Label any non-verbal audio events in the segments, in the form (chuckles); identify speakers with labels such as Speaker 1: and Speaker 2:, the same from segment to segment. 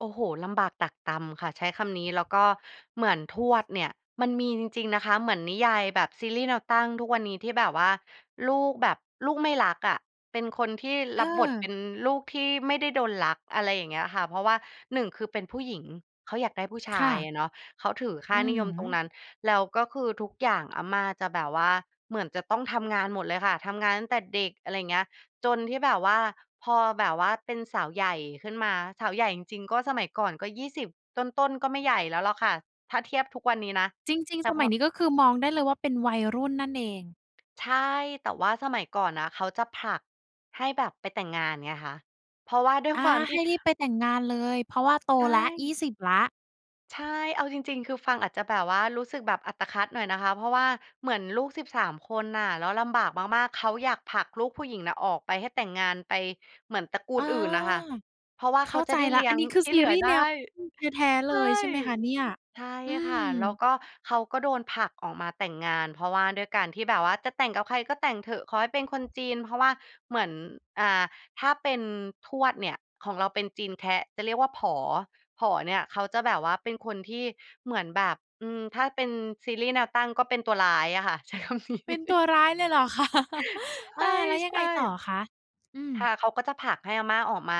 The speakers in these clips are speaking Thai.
Speaker 1: โอ้โฮ ลำบากตรากตรำค่ะ ใช้คำนี้ แล้วก็ เหมือนทวดเนี่ย มันมีจริง ๆ นะคะ เหมือนนิยายแบบซีรีส์แนวตั้งทุกวันนี้ ที่แบบว่าลูกแบบ ลูกไม่รักอะ เป็นคนที่
Speaker 2: เ
Speaker 1: รับบทเป
Speaker 2: ออ
Speaker 1: ็นลูกที่ไม่ได้โดนรัก อะไรอย่างเงี้ยอะค่ะ เพราะว่า 1 คือเป็นผู้หญิง เขาอยากได้ผู้ช
Speaker 2: ค
Speaker 1: า
Speaker 2: ่
Speaker 1: ย
Speaker 2: ะ
Speaker 1: อะเนาะ เขาถือค
Speaker 2: อ
Speaker 1: ่
Speaker 2: ื
Speaker 1: า
Speaker 2: ้อ
Speaker 1: นิ
Speaker 2: ฮ
Speaker 1: ยมตร
Speaker 2: ื
Speaker 1: ง
Speaker 2: อ
Speaker 1: นั้น แล้วก็คือทุกอย่าง อาม่าจะแบบว่า เหมือนจะต้องทำงานหมดเลยค่ะ ทำงานตั้งแต่เด็ก อะไรอย่างเงี้ย จนที่แบบว่า พอแบบว่าเป็นสาวใหญ่ขึ้นมา สาวใหญ่จริง ๆ ก็สมัยก่อนก็ 20 ต้น ๆ ก็ไม่ใหญ่แล้วหรอกค่ะ ถ้าเทียบทุกวันนี้นะ
Speaker 2: จริง
Speaker 1: แต
Speaker 2: ๆ
Speaker 1: ่
Speaker 2: ส
Speaker 1: พ
Speaker 2: มั
Speaker 1: อ
Speaker 2: ยนี้ก็คือมองได้เลยว่าเป็นวัยรุ่นนั่นเอง
Speaker 1: ใช่ แต่ว่าสมัยก่อนนะเขาจะผลักให้แบบไปแต่งงานไงคะ เพราะว่าด้วย
Speaker 2: อ
Speaker 1: ค
Speaker 2: า
Speaker 1: วามท
Speaker 2: ให
Speaker 1: ี่
Speaker 2: ้รีบไปแต่งงานเลย เพราะว่า โต
Speaker 1: ใช
Speaker 2: แล้ว ยี่
Speaker 1: ่
Speaker 2: สิบ แล้ว
Speaker 1: ใช่ เอาจริง ๆ คือฟังอาจจะแบบว่ารู้สึกแบบอัตคัดหน่อยนะคะ เพราะว่าเหมือนลูก 13 คนน่ะ แล้วลำบากมาก ๆ เขาอยากผลักลูก ผู้หญิงนะออกไป ให้แต่งงานไป เหมือนตระกู
Speaker 2: อ
Speaker 1: ล
Speaker 2: า
Speaker 1: อื่นน่ะค่ะ เพราะว่า
Speaker 2: เ
Speaker 1: เ
Speaker 2: ข
Speaker 1: ข
Speaker 2: ้
Speaker 1: า
Speaker 2: า
Speaker 1: จ
Speaker 2: ใ
Speaker 1: ะ
Speaker 2: จ
Speaker 1: ได้
Speaker 2: แล้
Speaker 1: เล
Speaker 2: ว
Speaker 1: ี้
Speaker 2: อั
Speaker 1: ย
Speaker 2: น
Speaker 1: ง
Speaker 2: นี้คือ
Speaker 1: ที่
Speaker 2: ซ
Speaker 1: เ
Speaker 2: ี
Speaker 1: หลื
Speaker 2: ร
Speaker 1: อ
Speaker 2: ีส์
Speaker 1: ได
Speaker 2: แ
Speaker 1: ้
Speaker 2: นวตั้งแท้ ๆ
Speaker 1: ใช
Speaker 2: เล
Speaker 1: ่
Speaker 2: ยใช่ไหมคะเนี่ย?
Speaker 1: ใช่
Speaker 2: อื
Speaker 1: ค่ะ แล้ว
Speaker 2: ม
Speaker 1: ก็เขาก็โดนผลักออกมาแต่งงาน เพราะว่าด้วยการที่แบบว่าจะแต่งกับใครก็แต่งเถอะ ขอให้เป็นคนจีน เพราะว่าเหมือน อ่า ถ้าเป็นทวดเนี่ย ของเราเป็นจีนแคะ จะเรียกว่า "ผอ" ผอเนี่ยเขาจะแบบว่าเป็นคนที่ เหมือนแบบ อืม ถ้าเป็นซีรีส์แนวตั้งก็เป็นตัวร้ายอะค่ะ ใช้ คำนี้
Speaker 2: เป็นตั
Speaker 1: (chuckles)
Speaker 2: วร้ายเลยเหรอ คะ (chuckles)
Speaker 1: ใช
Speaker 2: อา แล้วยังไง
Speaker 1: ่
Speaker 2: ต่อคะ? อื
Speaker 1: ๆ ค
Speaker 2: ม
Speaker 1: ่ะ เขาก็จะผลักให้อาม่าออกมา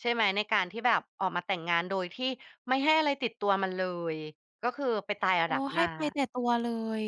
Speaker 1: ใช่ไหม ในการที่แบบออกมาแต่งงาน โดยที่ไม่ให้อะไรติดตัวมาเลย ก็คือไปตายเอา
Speaker 2: อ๋อ
Speaker 1: ดาบ
Speaker 2: ใ
Speaker 1: ห
Speaker 2: ห
Speaker 1: น
Speaker 2: ้
Speaker 1: ้า
Speaker 2: ไปแต่ตัวเลย